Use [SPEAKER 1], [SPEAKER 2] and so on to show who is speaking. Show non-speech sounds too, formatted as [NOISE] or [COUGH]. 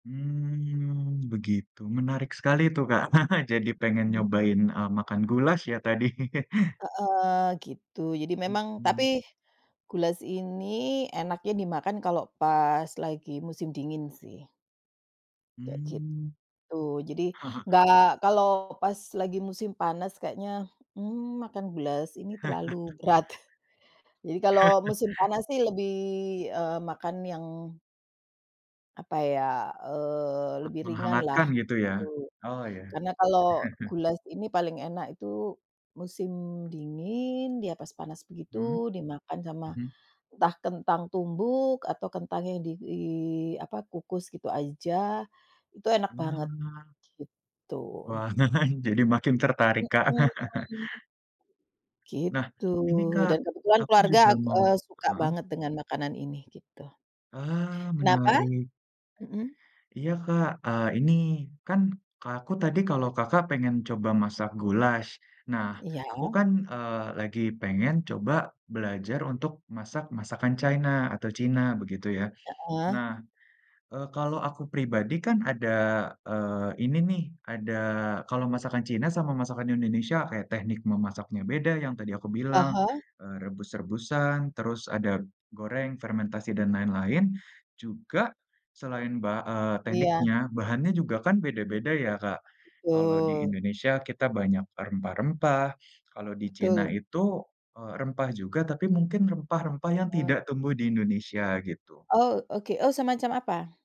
[SPEAKER 1] Mmm, begitu. Menarik sekali tuh, Kak. [CHUCKLES] Jadi pengen
[SPEAKER 2] Mhm.
[SPEAKER 1] nyobain, eee, makan goulash ya tadi. [LAUGHS]
[SPEAKER 2] Heeh. Gitu. Jadi memang,
[SPEAKER 1] Mhm.
[SPEAKER 2] tapi goulash ini enaknya dimakan kalau pas lagi musim dingin sih. Kayak
[SPEAKER 1] Mmm.
[SPEAKER 2] gitu. Jadi,
[SPEAKER 1] [CHUCKLES]
[SPEAKER 2] nggak kalau pas lagi musim panas kayaknya, mmm, makan goulash ini terlalu berat. [CHUCKLES] Jadi kalau musim
[SPEAKER 1] [LAUGHS]
[SPEAKER 2] panas sih lebih, eee, makan yang apa ya, eee, lebih ringan lah
[SPEAKER 1] Menghangatkan gitu ya.
[SPEAKER 2] gitu.
[SPEAKER 1] Oh ya.
[SPEAKER 2] Karena kalau
[SPEAKER 1] [CHUCKLES]
[SPEAKER 2] goulash ini paling enak itu musim dingin, dia pas panas
[SPEAKER 1] Mhm,
[SPEAKER 2] begitu dimakan sama
[SPEAKER 1] mhm.
[SPEAKER 2] entah kentang tumbuk atau kentang yang di apa, dikukus gitu aja, itu enak banget,
[SPEAKER 1] Mhm.
[SPEAKER 2] gitu.
[SPEAKER 1] Wah, [CHUCKLES] jadi makin tertarik, Kak. [CHUCKLES]
[SPEAKER 2] Mhm. Gitu
[SPEAKER 1] Nah ini, Kak
[SPEAKER 2] dan kebetulan
[SPEAKER 1] aku
[SPEAKER 2] keluarga
[SPEAKER 1] juga
[SPEAKER 2] aku,
[SPEAKER 1] mau
[SPEAKER 2] eee suka
[SPEAKER 1] heeh?
[SPEAKER 2] banget dengan makanan ini, gitu.
[SPEAKER 1] Ah
[SPEAKER 2] Kenapa?
[SPEAKER 1] menarik.
[SPEAKER 2] Mhm.
[SPEAKER 1] Iya, Kak, eee, ini kan aku tadi kalau, Kakak pengen coba masak goulash. Nah,
[SPEAKER 2] Iya.
[SPEAKER 1] aku kan, eee, lagi pengen coba belajar untuk masak masakan Cina atau Cina begitu ya.
[SPEAKER 2] Heeh.
[SPEAKER 1] Nah, eee, kalau aku pribadi kan ada, eee, ini nih ada kalau masakan Cina sama masakan Indonesia kayak teknik memasaknya beda yang tadi aku bilang,
[SPEAKER 2] Heeh.
[SPEAKER 1] eee, rebus-rebusan. Terus, ada goreng, fermentasi dan lain-lain. Juga selain ba eee,
[SPEAKER 2] Iya.
[SPEAKER 1] tekniknya bahannya juga kan beda-beda ya, Kak. Kalau di
[SPEAKER 2] Betul.
[SPEAKER 1] Indonesia kita banyak rempah-rempah, kalau di Cina
[SPEAKER 2] Betul.
[SPEAKER 1] itu, eee, rempah juga. Tapi, mungkin rempah-rempah yang
[SPEAKER 2] Oh.
[SPEAKER 1] tidak tumbuh di Indonesia gitu.
[SPEAKER 2] Oh, oke, oh semacam apa?